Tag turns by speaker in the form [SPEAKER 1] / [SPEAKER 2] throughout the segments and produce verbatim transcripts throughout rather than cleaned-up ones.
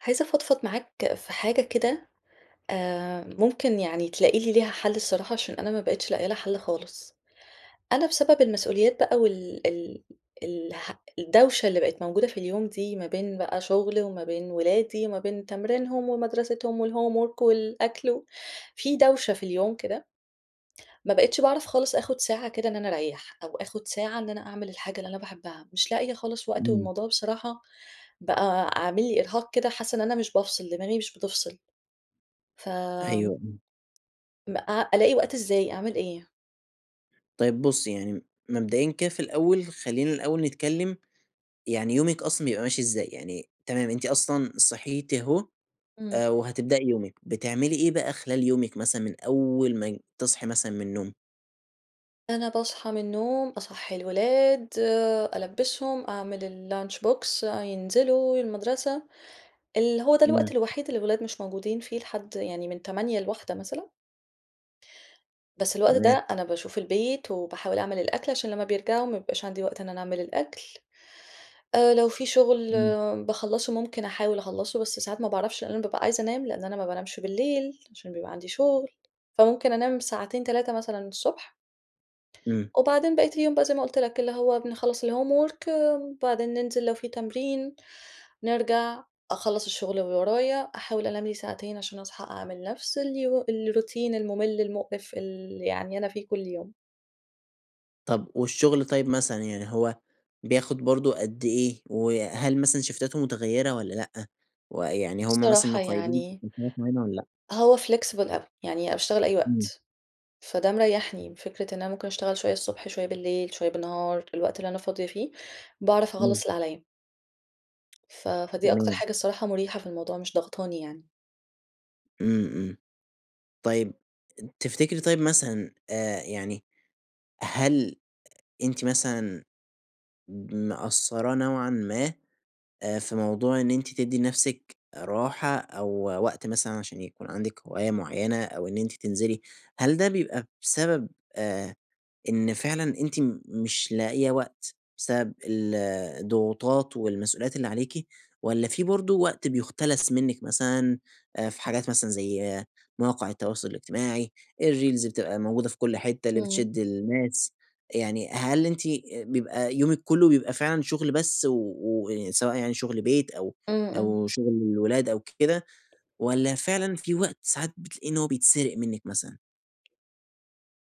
[SPEAKER 1] عايزة أفضفض معاك في حاجة كده، آآ، ممكن يعني تلاقي لي ليها حل الصراحة عشان أنا ما بقيتش لاقية لها حل خالص. أنا بسبب المسؤوليات بقى وال ال الح الدوشة اللي بقِت موجودة في اليوم دي ما بين بقى شغلي وما بين أولادي وما بين تمرينهم ومدرستهم والhomework والأكل و في دوشة في اليوم كده. ما بقيتش باعرف خالص آخُد ساعة كده إن أنا أريَّح أو آخُد ساعة إن أنا أعمل الحاجة اللي أنا باحبها، مش لاقية خالص وقت،
[SPEAKER 2] إمم.
[SPEAKER 1] والموضوع بصراحة بقى عامل لي إرهاق كده، حاسَّة إن أنا مش بافصِل، دماغي مش بتفصِل. ف
[SPEAKER 2] أيوه. إمم.
[SPEAKER 1] ما أ ألاقي وقت إزاي، أعمل إيه؟
[SPEAKER 2] طيب بصي يعني، مبدائيًا كده في الأوّل، خلّينا الأول نتكلّم، يعني يومِك أصلًا بيبقى ماشي إزاي، يعني، تمام أنتِ أصلًا صحيتِ أهو،
[SPEAKER 1] إمم.
[SPEAKER 2] آآ وهتبدئي يومِك، بتعملي إيه بقى خلال يومِك مثلًا من أوّل ما ي تصحي مثلًا من النوم؟
[SPEAKER 1] أنا باصحى من النوم، أصحّي الولاد، ألبِّسهم، أعمل الlunch box أ ينزلوا المدرسة. اللي هو ده الوقت
[SPEAKER 2] إمم.
[SPEAKER 1] الوحيد اللي الأولاد مش موجودين فيه لحد، يعني من تمانية لواحدة مثلًا. بس الوقت
[SPEAKER 2] تمام.
[SPEAKER 1] ده، أنا باشوف البيت وباحاول أعمل الأكل عشان لما بيرجعوا ما بيبقاش عندي وقت إن أنا أعمل الأكل، آآ لو في شغل
[SPEAKER 2] إمم.
[SPEAKER 1] باخلَّصه، ممكن أحاول أخلَّصه، بس ساعات ما باعرفش لأن أنا بابقى عايزة أنام لأن أنا ما بانامش بالليل، عشان بيبقى عندي شغل، فممكن أنام ساعتين، تلاتة مثلًا الصبح.
[SPEAKER 2] إمم.
[SPEAKER 1] وبعدين بقية اليوم بقى زي ما قُلت لك، اللي هو بنخلّص الhomework وبعدين ننزِل لو في تمرين، نرجع، أخلَّص الشغل اللي ورايا، أحاول أنام لي ساعتين عشان أصحى أعمل نفس الي الروتين الممل، المقرف، ال يعني أنا فيه كل يوم.
[SPEAKER 2] طب، والشغل طيّب مثلًا يعني هو بياخد برضه قد إيه؟ وهل مثلًا شيفتاته متغيِّرة والّا لأ؟ ويعني هُم مثلًا
[SPEAKER 1] الصراحة
[SPEAKER 2] مقيِّدينِك
[SPEAKER 1] يعني
[SPEAKER 2] [unintelligible] معينة والّا لأ؟
[SPEAKER 1] هو flexible أوي، يعني أنا باشتغل أي
[SPEAKER 2] إمم.
[SPEAKER 1] وقت، فده مريَّحني، فكرة إن أنا ممكن أشتغل شويَّة الصبح، شويَّة بالليل، شويَّة بالنهار، الوقت اللي أنا فاضية فيه، باعرف
[SPEAKER 2] إمم.
[SPEAKER 1] أخلَّص اللي عليا. ف فدي أكتر
[SPEAKER 2] تمام.
[SPEAKER 1] حاجة الصراحة مُريحة في الموضوع، مش ضاغطاني يعني.
[SPEAKER 2] إمم، إمم. طيَّب، تفتكري طيب مثلًا، آآ يعني، هل أنتِ مثلًا مقصّرة نوعًا ما، آآ، في موضوع إن أنتِ تدّي نفسِك راحة أو وقت مثلًا عشان يكون عندِك هواية معينة أو إن أنتِ تنزلي؟ هل ده بيبقى بسبب، آآ إن فعلًا أنتِ مش لاقية وقت، بسبب ال الضغوطات والمسئوليّات اللي عليكِ والّا فيه برضه وقت بيُختلس منِّك مثلًا، آآ، في حاجات مثلًا زي مواقع التواصل الاجتماعي، الريلز بتبقى موجودة في كل حتة، اللي
[SPEAKER 1] إمم.
[SPEAKER 2] بتشد الناس. يعني هل أنتِ بيبقى يومِك كلُّه بيبقى فعلًا شُغل بس و و سواء يعني شُغل بيت أو
[SPEAKER 1] إمم، إمم.
[SPEAKER 2] أو شُغل الولاد أو كده، والّا فعلًا في وقت ساعات بتلاقي إن هو بيتسرق منِّك مثلًا؟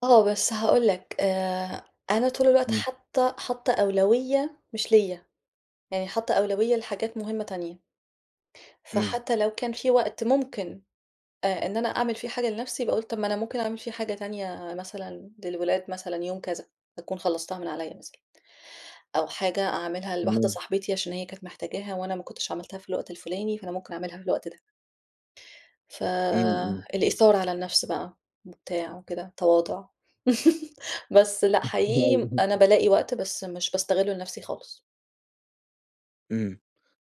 [SPEAKER 1] آه، بس هاقول لك، آآ أنا طول الوقت
[SPEAKER 2] إمم.
[SPEAKER 1] حاطة حاطة أولوية مش ليَّ، يعني حاطة أولوية لحاجات مُهمة تانية.
[SPEAKER 2] إمم.
[SPEAKER 1] فحتى لو كان في وقت ممكن، آآ إن أنا أعمل فيه حاجة لنفسي، باقول طب ما أنا مُمكن أعمل فيه حاجة تانية مثلًا للولاد، مثلًا يوم كذا أكون خلصتها من عليَّ مثلًا أو حاجة أعملها لواحدة
[SPEAKER 2] إمم.
[SPEAKER 1] صاحبتي عشان هي كانت محتاجاها وأنا ما كُنتش عملتها في الوقت الفلاني، فأنا مُمكن أعملها في الوقت ده. ف
[SPEAKER 2] إمم، إمم.
[SPEAKER 1] الإيثار على النفس بقى، وبتاع وكده، تواضع. بس لأ، حقيقي أنا
[SPEAKER 2] [unintelligible]
[SPEAKER 1] بالاقي وقت، بس مش باستغِله لنفسي خالص.
[SPEAKER 2] إمم،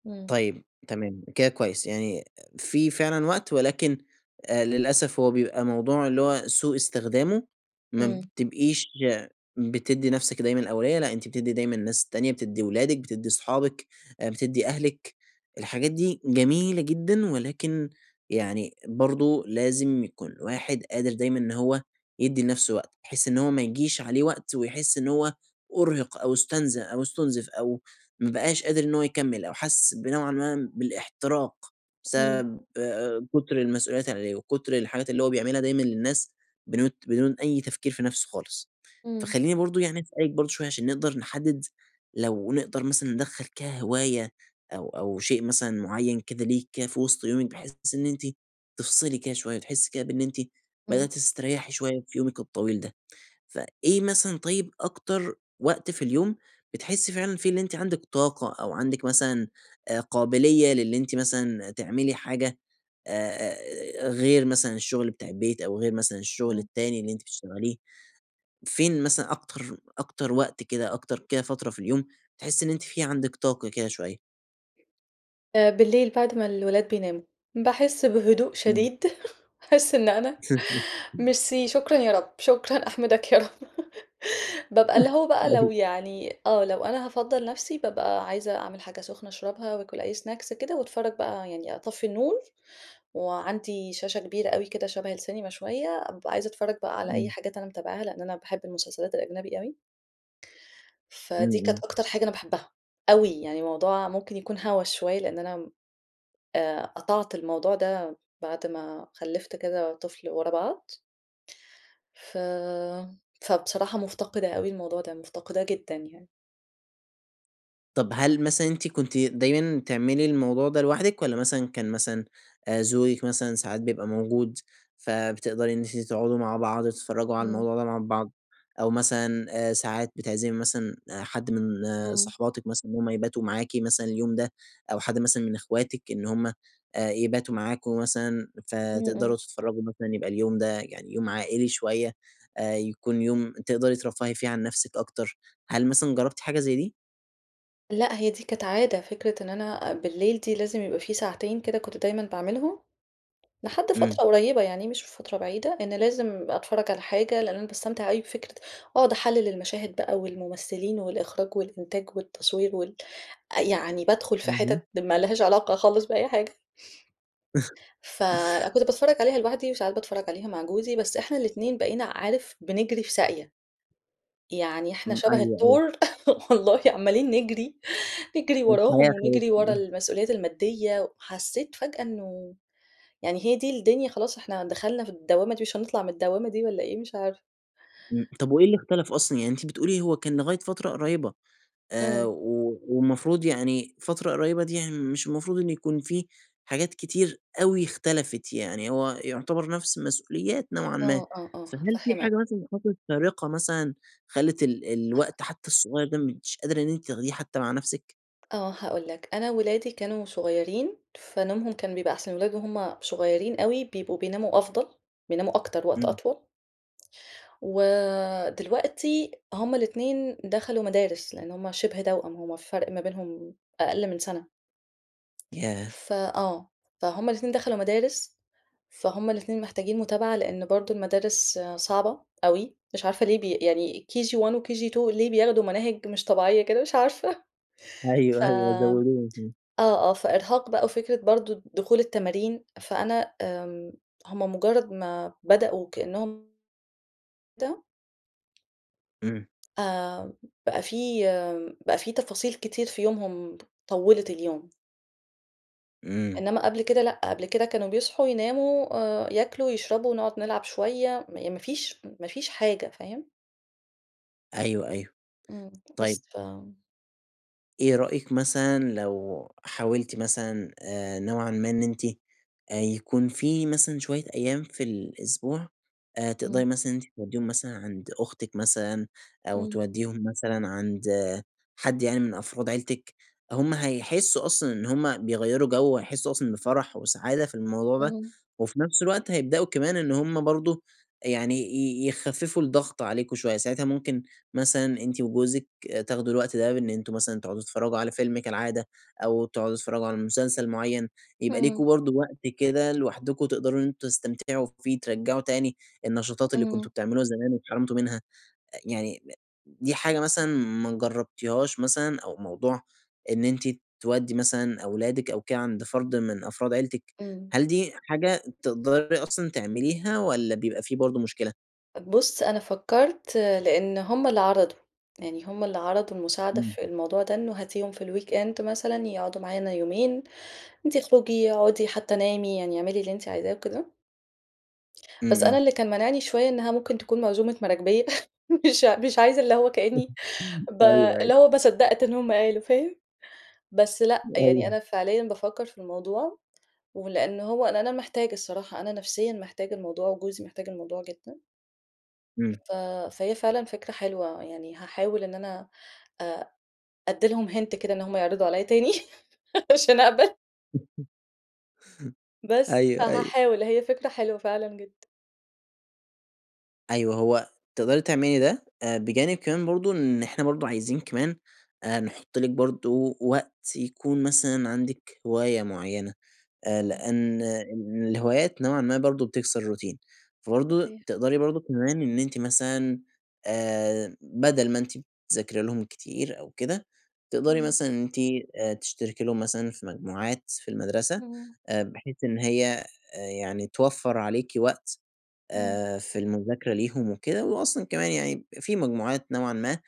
[SPEAKER 1] إمم.
[SPEAKER 2] طيب تمام، كده كويس. يعني في فعلًا وقت ولكن آآ للأسف هو بيبقى موضوع اللي هو سوء استخدامه ما
[SPEAKER 1] إمم.
[SPEAKER 2] بتبقيش يا بتدّي نفسِك دايمًا الأولوية، لأ أنتِ بتدّي دايمًا الناس التانية، بتدّي ولادِك، بتدّي صحابِك، آآ، بتدّي أهلِك، الحاجات دي جميلة جدًا، ولكن يعني برضه لازم يكون الواحد قادر دايمًا إن هو يدّي لنفسه وقت، بحيث إن هو ما يجيش عليه وقت ويحس إن هو أُرهق أو اُستنز أو أُستنزف أو ما بقاش قادر إن هو يكمل أو حس بنوعًا ما بالاحتراق
[SPEAKER 1] إمم.
[SPEAKER 2] بسبب آآ، كتر المسؤوليات اللي عليه وكتر الحاجات اللي هو بيعملها دايمًا للناس بنوت بدون أي تفكير في نفسه خالص.
[SPEAKER 1] إمم.
[SPEAKER 2] فخلّيني برضه يعني أسألِك برضه شوية عشان نقدر نحدد، لو نقدر مثلًا ندخَل كهواية أو أو شيء مثلًا مُعيّن كده ليكِ كده في وسط يومِك بحيث إن أنتِ تِفصلي كده شوية، تحسي كده بأن أنتِ
[SPEAKER 1] امم.
[SPEAKER 2] بدأتي تستريحي شوية في يومِك الطويل ده. فإيه مثلًا طيب أكتر وقت في اليوم بتحسي فعلًا فيه اللي أنتِ عندِك طاقة أو عندِك مثلًا آآ، قابلية للي أنتِ مثلًا تعملي حاجة، آآ غير مثلًا الشُغل بتاع البيت أو غير مثلًا الشُغل
[SPEAKER 1] امم.
[SPEAKER 2] التاني اللي أنتِ بتشتغليه؟ فين مثلًا أكتر أكتر وقت كده، أكتر كده فترة في اليوم تحسي إن أنتِ في عندِك طاقة كده شوية؟
[SPEAKER 1] آآ بالليل بعد ما الولاد بيناموا، باحس بهدوء
[SPEAKER 2] إمم.
[SPEAKER 1] شديد أحس إن أنا ميرسي، شكرًا يا رب، شكرًا أحمِدَك يا رب بابقى اللي هو بقى لو
[SPEAKER 2] أيوه.
[SPEAKER 1] يعني آه، لو أنا هافضّل نفسي، بابقى عايزة أعمل حاجة سُخنة اشربها، واكل أي Snacks كده، واتفرّج بقى يعني أطفّي النور، وعندي شاشة كبيرة أوي كده شَبَه السينما شوية، أبقى عايزة اتفرّج بقى على أي
[SPEAKER 2] إمم.
[SPEAKER 1] حاجات أنا متابعها، لإن أنا باحب المسلسلات الأجنبي أوي.
[SPEAKER 2] إمم،
[SPEAKER 1] فدي كانت
[SPEAKER 2] إمم.
[SPEAKER 1] أكتر حاجة أنا باحبها، أوي يعني موضوع ممكن يكون هوّس شوية، لإن أنا م آآ قطعت الموضوع ده، بعد ما خلِّفت كذا طفل ورا بعض. ف فبصراحة مُفتقِدة أوي الموضوع ده، مُفتقِداه جدًا يعني.
[SPEAKER 2] طب هل مثلًا أنتِ كنتِ دايمًا تعملي الموضوع ده لوحدِك؟ والّا مثلًا كان مثلًا، آآ، زوجِك مثلًا ساعات بيبقى موجود، فبتقدري إن أنتِ تقعدوا مع بعض وتتفرجوا على
[SPEAKER 1] إمم.
[SPEAKER 2] الموضوع ده مع بعض، أو مثلًا، آآ، ساعات بتعزمي مثلًا حد من
[SPEAKER 1] إمم.
[SPEAKER 2] صحباتِك مثلًا إن هُم يباتوا معاكِ مثلًا اليوم ده، أو حد مثلًا من إخواتِك إن هُم آآ يباتوا معاكم مثلًا،
[SPEAKER 1] إمم،
[SPEAKER 2] فتقدروا
[SPEAKER 1] إمم.
[SPEAKER 2] تتفرجوا مثلًا يبقى اليوم ده يعني يوم عائلي شوية، آآ يكون يوم تقدري ترفّهي فيه عن نفسِك أكتر، هل مثلًا جربتِ حاجة زي دي؟
[SPEAKER 1] لأ، هي دي كانت عادة، فكرة إن أنا أ بالليل دي لازم يبقى في ساعتين كده كنت دايمًا باعملهم، لحد
[SPEAKER 2] إمم.
[SPEAKER 1] فترة قريبة يعني، مش في فترة بعيدة، إن لازم أتفرَّج على حاجة، لإن أنا باستمتع أوي بفكرة أقعد أحلِّل المَشاهد بقى والممثلين والإخراج والإنتاج والتصوير وال أ يعني بادخل في
[SPEAKER 2] اهم.
[SPEAKER 1] حِتت ما لهاش علاقة خالص بأي حاجة. ف أنا كنت باتفرج عليها لوحدي، وساعات باتفرج عليها مع جوزي، بس إحنا الاتنين بقينا، عارف؟ بنجري في ساقية. يعني إحنا
[SPEAKER 2] إمم.
[SPEAKER 1] شَبَه
[SPEAKER 2] أيوه، أيوه.
[SPEAKER 1] التُّور والله، عمّالين نجري نجري وراهم
[SPEAKER 2] الحياة أخدتني.
[SPEAKER 1] ونجري ورا
[SPEAKER 2] امم.
[SPEAKER 1] المسؤوليات الماديّة، وحسّيت فجأة إنه، يعني هي دي الدنيا خلاص، إحنا دخلنا في الدوامة دي، مش هنطلع من الدوامة دي والّا إيه؟! مش عارفة.
[SPEAKER 2] إمم، طب وإيه اللي إختلف أصلًا، يعني أنتِ بتقولي، هو كان لغاية فترة قريِّبة، آآ
[SPEAKER 1] إمم.
[SPEAKER 2] و والمفروض يعني، فترة قريِّبة دي، يعني مش المفروض إن يكون في حاجات كتير أوي إختلفِت، يعني هو يُعتبر نفس المسؤوليات نوعًا ما.
[SPEAKER 1] آه، آه، آه.
[SPEAKER 2] فهل في
[SPEAKER 1] هافهِّمك.
[SPEAKER 2] حاجة مثلًا حصلِت فارقة مثلًا خلّت ال الوقت حتى الصغيَّر ده، مش قادرة إن أنتِ تاخديه حتى مع نفسِك؟
[SPEAKER 1] آه، هاقول لك، أنا ولادي كانوا صغيّرين فنومهم كان بيبقي أحسن، الولاد وهُم صغيرين أوي بيبقوا بيناموا أفضل، بيناموا أكتر، وقت
[SPEAKER 2] امم.
[SPEAKER 1] أطول. ودلوقتي هُم الاتنين دخلوا مدارس، لأن هُم شِبه توأم، هُم الفرق ما بينهم أقل من سنة،
[SPEAKER 2] ياه!
[SPEAKER 1] فآه، فَهُم الاتنين دخلوا مدارس، فَهُم الاتنين محتاجين متابعة، لأن برضه المدارس صعبة
[SPEAKER 2] [unintelligible]
[SPEAKER 1] أوي، مش عارفة ليه بي يعني KG1، وKG2 ليه بياخدوا مناهج مش طبيعية كده مش عارفة،
[SPEAKER 2] أيوه أيوه
[SPEAKER 1] فامم
[SPEAKER 2] زوّدوكِ [unintelligible]
[SPEAKER 1] آه، آه فإرهاق بقى، وفكرة برضه دخول التمارين، فأنا امم، هُم مجرد ما بدأوا كأنهم ده
[SPEAKER 2] امم.
[SPEAKER 1] آآ، بقى في بقى في تفاصيل كتير في يومهم طوّلت اليوم.
[SPEAKER 2] امم.
[SPEAKER 1] إنما قبل كده لأ، قبل كده كانوا بيصحوا، يناموا، آآ ياكلوا، يشربوا، نقعد نلعب شوية م ما فيش ما فيش حاجة، فاهم؟
[SPEAKER 2] أيوه، أيوه.
[SPEAKER 1] امم،
[SPEAKER 2] طيب
[SPEAKER 1] بس فامم
[SPEAKER 2] إيه رأيك مثلًا لو حاولتِ مثلًا، آآ، نوعًا ما إن أنتِ، آآ يكون في مثلًا شوية أيام في الأسبوع آآ، تقدري
[SPEAKER 1] امم.
[SPEAKER 2] مثلًا إن أنتِ توديهم مثلًا عند أختك مثلًا، أو
[SPEAKER 1] امم.
[SPEAKER 2] تودّيهم مثلًا عند حد يعني من أفراد عيلتك؟ هم هيحسّوا أصلًا إن هم بيغيّروا جو وهيحسوا أصلًا بفرح وسعادة في الموضوع ده،
[SPEAKER 1] امم.
[SPEAKER 2] وفي نفس الوقت هيبدؤوا كمان إن هم برضه آآ، يعني ي يخفّفوا الضغط عليكم شوية، ساعتها ممكن مثلًا أنتِ وجوزك تاخدوا الوقت ده بإن أنتم مثلًا تقعدوا تتفرّجوا على فيلم كالعادة أو تقعدوا تتفرجوا على مسلسل معين، يبقي ليكم
[SPEAKER 1] اهم.
[SPEAKER 2] برضه وقت كده لوحدكم تقدروا إن أنتم تستمتعوا فيه، ترجعوا تاني النشاطات اللي كنتم
[SPEAKER 1] امم.
[SPEAKER 2] بتعملوها زمان واتحرمتوا منها، أ يعني [unintelligible] د دي حاجة مثلًا ما جربتيهاش مثلًا؟ أو موضوع إن أنتِ تودّي مثلًا أولادِك أو كده عند فرد من أفراد عيلتك،
[SPEAKER 1] امم.
[SPEAKER 2] هل دي حاجة تقدري أصلًا تعمليها والّا بيبقي في برضه مشكلة؟
[SPEAKER 1] بُص، أنا فكّرت لأن هُم اللي عرضوا، يعني هُم اللي عرضوا المساعدة
[SPEAKER 2] إمم.
[SPEAKER 1] في الموضوع ده، إنّه هاتيهم في الweekend مثلًا يقعدوا معانا يومين، وأنتِ اخرُجي اقعدي حتى نامي يعني أعملي اللي أنتِ عايزاه وكده.
[SPEAKER 2] إمم،
[SPEAKER 1] بس أنا
[SPEAKER 2] إمم.
[SPEAKER 1] اللي كان مانِعني شوية إنّها ممكن تكون م عزومة مراكبيَّة مش مش عايزة، اللي هو كأنّي ب
[SPEAKER 2] أيوه، أيوه
[SPEAKER 1] اللي هو ما صدَّقت إن هُم قالوا، فاهم؟ بس لأ، يعني
[SPEAKER 2] أيوه
[SPEAKER 1] أنا فعليًا بافكَّر في الموضوع، ولأن هو لإن أنا محتاجة الصراحة، أنا نفسيًا محتاجة الموضوع، جوزي محتاج الموضوع جدًا.
[SPEAKER 2] إمم.
[SPEAKER 1] ف فهي فعلًا فكرة حلوة، يعني هاحاول إن أنا أ أدّي لهم hint كده إن هُم يعرضوا عليَّ تاني عشان أقبل بس.
[SPEAKER 2] أيوه، أيوه
[SPEAKER 1] فهاحاول، هي فكرة حلوة فعلًا جدًا.
[SPEAKER 2] أيوه، هو تقدري تعملي ده، آآ، بجانب كمان برضه إن إحنا برضه عايزين كمان آآ نحُط لِك برضه وقت يكون مثلًا عندِك هواية معيَّنة، آآ،
[SPEAKER 1] إمم.
[SPEAKER 2] لأن الهوايات نوعًا ما برضه بتكسر الروتين. فبرضه
[SPEAKER 1] صحيح.
[SPEAKER 2] تقدري برضه كمان إن أنتِ مثلًا، آآ، بدل ما أنتِ بتذاكري لهم كتير أو كده، تقدري
[SPEAKER 1] إمم.
[SPEAKER 2] مثلًا أنتِ آآ تشتركي لهم مثلًا في مجموعات في المدرسة،
[SPEAKER 1] إمم.
[SPEAKER 2] آآ بحيث إن هي يعني توفَّر عليكِ وقت،
[SPEAKER 1] إمم.
[SPEAKER 2] آآ، في المذاكرة ليهم وكده. وأصلًا كمان يعني، في مجموعات نوعًا ما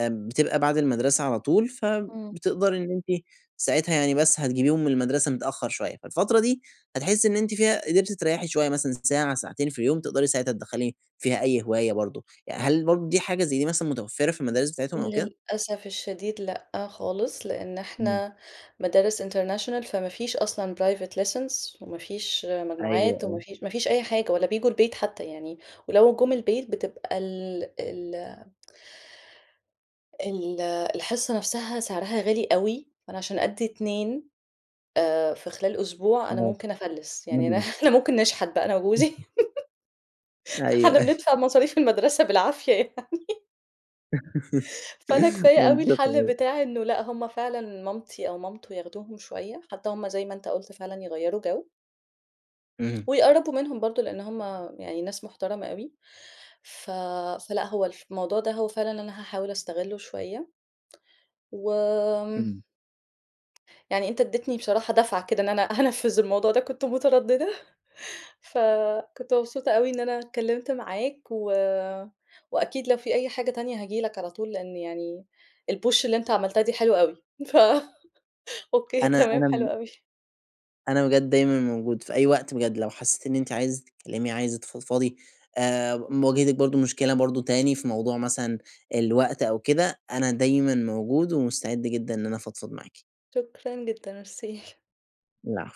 [SPEAKER 2] بتبقى بعد المدرسة على طول،
[SPEAKER 1] امم.
[SPEAKER 2] فبتقدري إن أنتِ ساعتها يعني، بس هتجيبيهم من المدرسة متأخَّر شويَّة. فالفترة دي هتحسّي إن أنتِ فيها قدرتِ تريحي شويَّة مثلًا، ساعة، ساعتين في اليوم، تقدري ساعتها تدخَّلي فيها أي هواية برضه. ي هل برضه دي حاجة زي دي مثلًا متوفَّرة في المدارس بتاعتهم أو كده؟
[SPEAKER 1] للأسف الشديد، لأ، خالص، لأن
[SPEAKER 2] إمم.
[SPEAKER 1] إحنا مدارس international فما فيش أصلًا private lessons وما فيش
[SPEAKER 2] أيوه،
[SPEAKER 1] مجموعات وما
[SPEAKER 2] أيوه.
[SPEAKER 1] فيش ما فيش أي حاجة، ولا بييجوا البيت حتى يعني، ولو جُم البيت بتبقى ال ال ال الحصّة نفسها سعرها غالي أوي، فأنا عشان أدّي اتنين آآ في خلال أسبوع أنا
[SPEAKER 2] تمام.
[SPEAKER 1] ممكن أفلِّس، يعني أنا
[SPEAKER 2] مَبلَغ.
[SPEAKER 1] أنا ممكن نشحت بقى أنا وجوزي.
[SPEAKER 2] أيوه،
[SPEAKER 1] إحنا
[SPEAKER 2] أيوه
[SPEAKER 1] بندفع مصاريف المدرسة بالعافية يعني فأنا
[SPEAKER 2] [unintelligible]
[SPEAKER 1] كفاية أوي
[SPEAKER 2] بالضبط
[SPEAKER 1] الحل
[SPEAKER 2] أيوه
[SPEAKER 1] بتاع إنه لأ، هُم فعلًا مامتي أو مامته ياخدوهم شويَّة، حتى هُم- زي ما أنت قُلت- فعلًا يغيّروا جو.
[SPEAKER 2] إمم.
[SPEAKER 1] ويقرَّبوا منهم برضه، لأن هُم يعني ناس مُحترمَة أوي. ف فلأ، هو الف الموضوع ده هو فعلًا أنا هاحاول أستغلُّه شويَّة. وآمم
[SPEAKER 2] إمم.
[SPEAKER 1] يعني أنت ادّيتني بصراحة دَفعة كده إن أنا هانفِّذ الموضوع ده كنت متردِّدة ف كنت مبسوطة أوي إن أنا اتكلمت معاك. و وأكيد لو في أي حاجة تانية هاجي لك على طول لأن يعني الpush اللي أنت عملتها دي حلوة أوي. ف أوكي
[SPEAKER 2] أنا
[SPEAKER 1] تمام حلو
[SPEAKER 2] أنا
[SPEAKER 1] أوي.
[SPEAKER 2] أنا بجد دايمًا موجود، في أي وقت بجد لو حسّيتِ إن أنتِ عايزة تتكلمي، عايزة تفضفضي، آآ م واجهتِك برضه مشكلة برضه تاني في موضوع مثلًا الوقت أو كده، أنا دايمًا موجود ومستعد جدًا إن أنا افضفض معاكِ.
[SPEAKER 1] شكرًا جدًا. ميرسي.
[SPEAKER 2] العفو.